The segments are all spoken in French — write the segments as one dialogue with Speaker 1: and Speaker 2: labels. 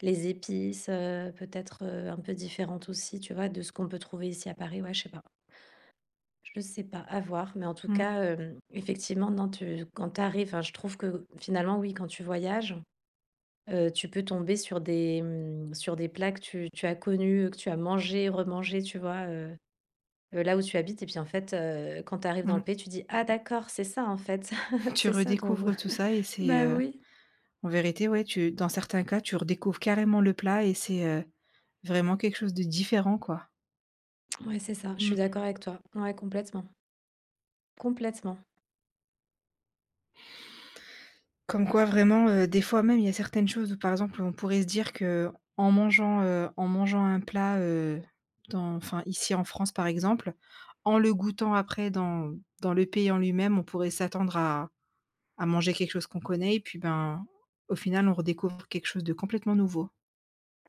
Speaker 1: Les épices, heu, peut-être, heu, un peu différentes aussi, tu vois, de ce qu'on peut trouver ici à Paris. Ouais, je sais pas. Je sais pas, à voir, mais en tout
Speaker 2: Mmh.
Speaker 1: cas, hem, effectivement, non, tu quand tu arrives enfin, je trouve que, finalement, oui, quand tu voyages, heu, tu peux tomber sur des, mmh, sur des plats que tu tu as connus, heu, que tu as mangés, remangés, tu vois, heu, heu, là où tu habites. Et puis, en fait, heu, quand tu arrives dans le
Speaker 2: Mmh.
Speaker 1: pays, tu dis: «Ah d'accord, c'est ça en fait,
Speaker 2: Tu
Speaker 1: c'est ça dont vous»
Speaker 2: redécouvres tout ça et c'est,
Speaker 1: bah,
Speaker 2: heu,
Speaker 1: oui.
Speaker 2: en vérité, ouais, tu dans certains cas, tu redécouvres carrément le plat et c'est, heu, vraiment quelque chose de différent, quoi.
Speaker 1: Mouais, c'est ça, je suis
Speaker 2: Mmh.
Speaker 1: d'accord avec toi. Ouais, complètement. Complètement.
Speaker 2: Comme quoi vraiment, heu, des fois, même, il y a certaines choses, où par exemple, on pourrait se dire qu'en mangeant, heu, en mangeant un plat, heu, dans enfin ici en France, par exemple, en le goûtant après dans dans le pays en lui-même, on pourrait s'attendre à à manger quelque chose qu'on connaît. Et puis, ben, au final, on redécouvre quelque chose de complètement nouveau.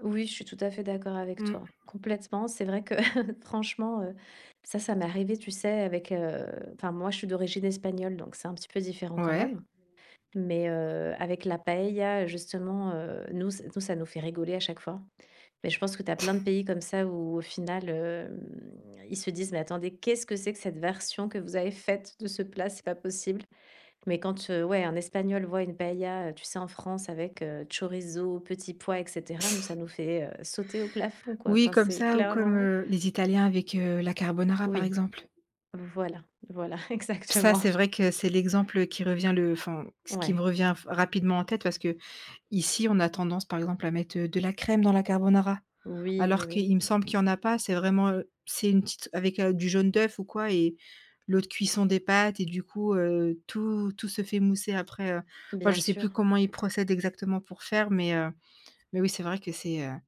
Speaker 1: Oui, je suis tout à fait d'accord avec
Speaker 2: Mmh.
Speaker 1: toi. Complètement. C'est vrai que franchement, heu, ça, ça m'est arrivé, tu sais, avec, heu, enfin moi, je suis d'origine espagnole, donc c'est un petit peu différent quand
Speaker 2: Ouais.
Speaker 1: même. Mais, heu, avec la paëlla, justement, heu, nous ç nous ça nous fait rigoler à chaque fois. Mais je pense que tu as plein de pays comme ça où, au final, hem, ils se disent: «Mais attendez, qu'est-ce que c'est que cette version que vous avez faite de ce plat, c'est pas possible?» Mais quand, heu, ouais, un Espagnol voit une paëlla, heu, tu sais, en France avec, heu, chorizo, petits pois, et cetera, nous, ça nous fait, heu, sauter au plafond, quoi.
Speaker 2: Oui,
Speaker 1: Enfin,
Speaker 2: comme
Speaker 1: c'est
Speaker 2: ça, ou comme,
Speaker 1: clairement
Speaker 2: heu, les italiens avec, heu, la carbonara, par
Speaker 1: Oui.
Speaker 2: exemple.
Speaker 1: Voilà, voilà,
Speaker 2: Ça,
Speaker 1: exactement.
Speaker 2: c'est vrai que c'est l'exemple qui revient le enfin, ce qui me
Speaker 1: Ouais.
Speaker 2: revient f rapidement en tête parce qu'ici, on a tendance, par exemple, à mettre, heu, de la crème dans la carbonara
Speaker 1: Oui, mais
Speaker 2: alors
Speaker 1: oui.
Speaker 2: qu'il me semble qu'il y en a pas. C'est vraiment, heu, c'est une petite avec, heu, du jaune d'œuf ou quoi et l'eau de cuisson des pâtes et du coup, heu, tout tout se fait mousser après, heu, enfin,
Speaker 1: Bien
Speaker 2: je sais plus
Speaker 1: sûr.
Speaker 2: comment ils procèdent exactement pour faire, mais heu, mais oui, c'est vrai que c'est, heu